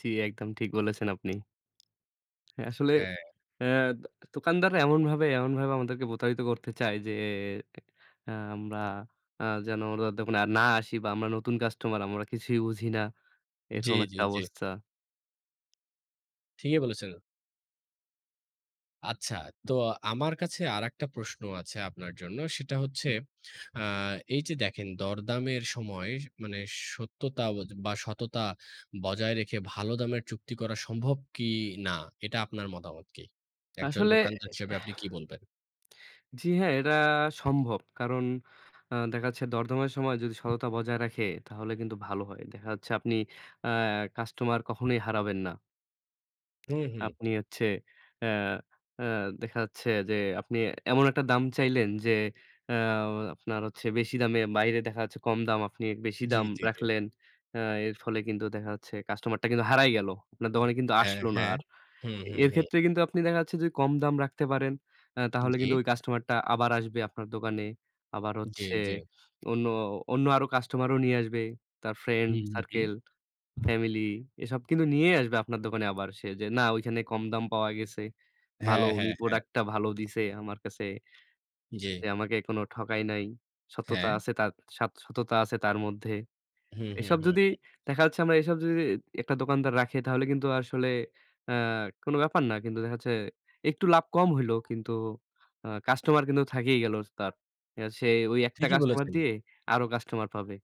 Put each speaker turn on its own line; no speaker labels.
জি, একদম ঠিক বলেছেন আপনি। হ্যাঁ আসলে
হ্যাঁ।
এ দ দোকানদাররা এমনভাবে, এমনভাবে আমাদেরকে প্রতারিত করতে চায় যে আমরা যেন উনাদের দোকানে আর না আসি বা আমরা নতুন কাস্টমার আমরা কিছুই বুঝি না।
জি,
এরকম
জি,
একটা
জি।
অবস্থা।
ঠিকই বলেছেন। আচ্ছা। তো আমার কাছে আরেকটা প্রশ্ন আছে আপনার জন্য। সেটা হচ্ছে, আ এইযে দেখেন দরদামের সময় মানে সত্যতা বজ বা সততা বজায় রেখে ভালো দামের চুক্তি করা সম্ভব কি না? এটা আপনার মতামত কি? একজন
আসলে এ এহ
দোকানদার হিসেবে আপনি কি বলবেন?
জি হ্যাঁ, এটা সম্ভব। কারণ আ দেখা যাচ্ছে দরদামের সময় যদি সততা বজায় রাখে তাহলে কিন্তু ভালো হয়। দেখা যাচ্ছে আপনি আ কাস্টমার কখনোই হারাবেন না।
হুম, হুম।
আপনি হচ্ছে অ্যা অ্যা দেখা যাচ্ছে যে আপনি এমন একটা দাম চাইলেন যে অ্যা আপনার হচ্ছে বেশি দামে বাইরে দেখা যাচ্ছে কম দাম আপনি বেশি
জি,
দাম
জি, জি।
রাখলেন। অ্যা এর ফলে কিন্তু দেখা যাচ্ছে কাস্টমারটা কিন্তু হারাই গেল। আপনার দোকানে কিন্তু
হ্যাঁ,
আসলো না
হ্যাঁ।
আর।
হুম, হুম,
এর
হুম।
ক্ষেত্রে কিন্তু আপনি দেখা যাচ্ছে যদি কম দাম রাখতে পারেন আ তাহলে
জি।
কিন্তু ওই কাস্টমারটা আবার আসবে আপনার দোকানে। আবার
জি,
হচ্ছে
জি।
অন্য অন্য আরো কাস্টমারও নিয়ে আসবে। তার ফ্রেন্ড
হুম, হুম, হুম।
সার্কেল, ফ্যামিলি এসব কিন্তু নিয়েই আসবে আপনার দোকানে আবার সে যে না ঐখানে কম দাম পাওয়া গেছে। ভালো
হ্যাঁ,
উনি
হ্যাঁ, হ্যাঁ।
প্রোডাক্টটা ভালো দিছে আমার কাছে। এ
জি।
আমাকে এখনো ঠকায় নাই। সততা
হ্যাঁ।
আছে তার, সাত সততা আছে তার মধ্যে।
হুম, হুম,
এসব
হুম,
যদি
হুম।
দেখা যাচ্ছে আমরা এসব যদি একটা দোকানদার রাখে তাহলে কিন্তু আসলে অ্যা কোনো ব্যাপার না। কিন্তু দেখা যাচ্ছে একটু লাভ কম হইল কিন্তু আ কাস্টমার কিন্তু থাকেই গেল তার। সে ওই একটা
ঠিকই
কাস্টমার
বলেছেন।
দিয়ে আরো কাস্টমার পাবে।